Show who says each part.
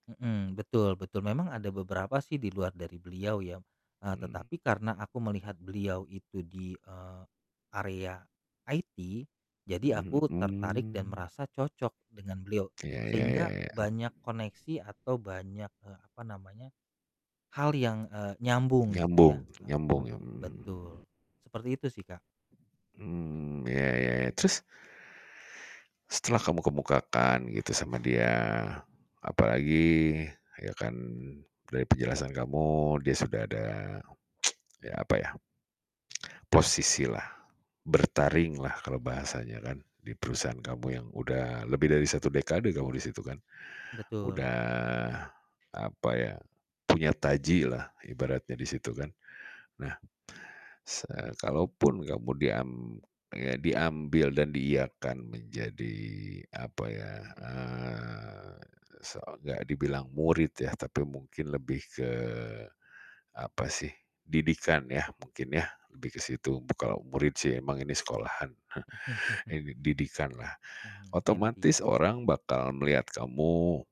Speaker 1: Mhm, betul betul. Memang ada beberapa sih di luar dari beliau ya, eee,
Speaker 2: Mmm.
Speaker 1: tetapi karena aku melihat beliau itu di, eee, area IT, jadi
Speaker 2: Mhm
Speaker 1: aku
Speaker 2: mhm,
Speaker 1: tertarik dan
Speaker 2: mmm.
Speaker 1: merasa cocok dengan beliau.
Speaker 2: Iya, ya ya
Speaker 1: Sehingga
Speaker 2: ya.
Speaker 1: banyak koneksi atau banyak, eee, apa namanya, hal yang, eee, nyambung gitu
Speaker 2: Nyambung
Speaker 1: ya, eee,
Speaker 2: nyambung ya, mmm.
Speaker 1: betul. Seperti itu sih, Kak.
Speaker 2: Mmm, ya ya ya, terus setelah kamu kemukakan gitu sama dia, apalagi, ya kan, dari penjelasan kamu dia sudah ada, ya, apa ya? Posisi lah, bertaring lah kalau bahasanya kan, di perusahaan kamu yang udah lebih dari satu dekade kamu di situ kan.
Speaker 1: Betul.
Speaker 2: Udah, apa ya, punya taji lah ibaratnya di situ kan. Nah, se eee, kalaupun kamu diam eee, diambil dan diiyakan menjadi apa ya, eee, se enggak dibilang murid ya, tapi mungkin lebih ke, apa sih, didikan yah mungkin yah lebih ke situ, b kalau murid sih emang ini sekolahan. Ini didikan lah.
Speaker 1: Mhm, mentee.
Speaker 2: Otomatis orang bakal melihat kamu